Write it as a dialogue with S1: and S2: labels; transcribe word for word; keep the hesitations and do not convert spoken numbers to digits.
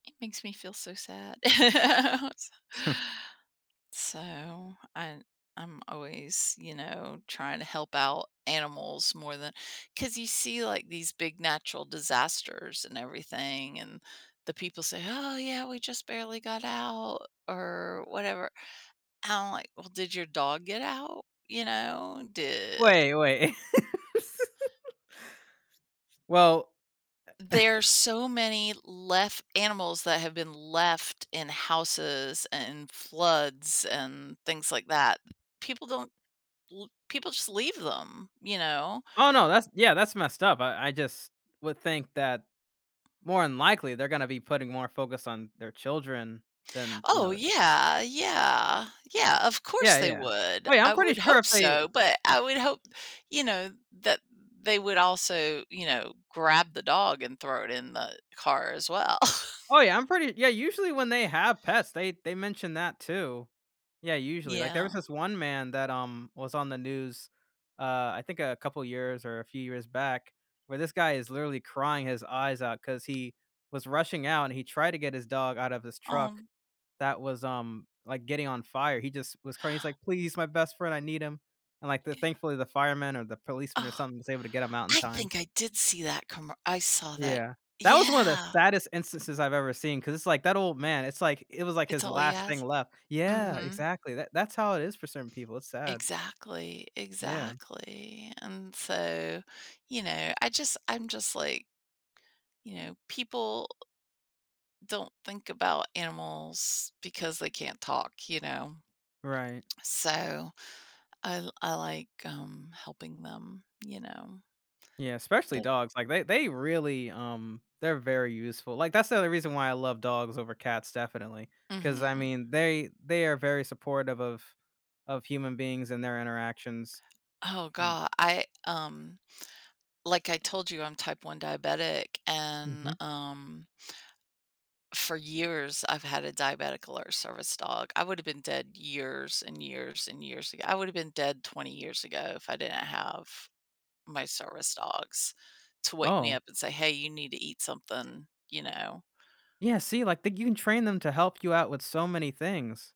S1: Makes me feel so sad. S So, I I'm always, you know, trying to help out animals more than 'cause you see, like these big natural disasters and everything and the people say, "Oh, yeah, we just barely got out," or whatever. I'm, like, "Well, did your dog get out? You know, did
S2: Wait, wait. Well eh
S1: There's so many left animals that have been left in houses and floods and things, like, that. People don't l people just leave them, you know?
S2: Oh, no, that's, yeah, that's messed up. I I just would think that more than likely they're gonna be putting more focus on their children than, you
S1: Oh,
S2: know I
S1: yeah, yeah, yeah, of course,
S2: Yeah,
S1: they
S2: yeah,
S1: would.
S2: oh, yeah,
S1: I
S2: I'm pretty
S1: would
S2: sure
S1: hope
S2: if they
S1: so, but,
S2: [unintelligible]
S1: I would hope, you know, that they would also, you know, grab the dog and throw it in the car as well.
S2: Oh, yeah, I'm pretty yeah, usually when they have pets, they they mentioned that too. Yeah, usually, like, there
S1: Yeah.
S2: was this one man that, um, was on the news, uh, I think a couple years or a few years back, where this guy is literally crying his eyes out 'cause he was rushing out and he tried to get his dog out of his truck
S1: Um.
S2: that was, um, like, getting on fire. He just was crying, he's, like, "Please my best friend, I need him," and, like, the
S1: Yeah.
S2: thankfully the fireman or the policeman or something was able to get him out in
S1: I
S2: time.
S1: think I did see that commer I saw that,
S2: Yeah, that was one of the
S1: yeah.
S2: saddest instances I've ever seen, 'cause it's, like, that old man, it's, like, it was, like,
S1: It's
S2: his
S1: all he
S2: last thing
S1: has.
S2: left. Yeah,
S1: Mhm.
S2: exactly, tha that's how it is for certain people, it's sad.
S1: Exactly,
S2: Yeah.
S1: exactly. And so, you know, I just, I'm just, like You know, people don't think about animals because they can't talk, you know.
S2: Right.
S1: So, I l I, like, um, helping them, you know.
S2: Yeah, especially
S1: The
S2: dogs, like, they they really, um, they're very useful. Like, that's the only reason why I love dogs over cats definitely, 'cause I
S1: Mhm.
S2: mean, they, they are very supportive of of human beings and their interactions.
S1: Oh,
S2: Uh
S1: go I, um like I told you, I'm type one diabetic, and
S2: Mhm.
S1: um for years, I've had a diabetic alert service dog. I would've been dead years and years and years ago. I would've been dead twenty years ago if I didn't have my service dogs to wake me
S2: Oh.
S1: up and say, "Hey, you need to eat something," you know.
S2: Yeah, see, like, you can train them to help you out with so many things.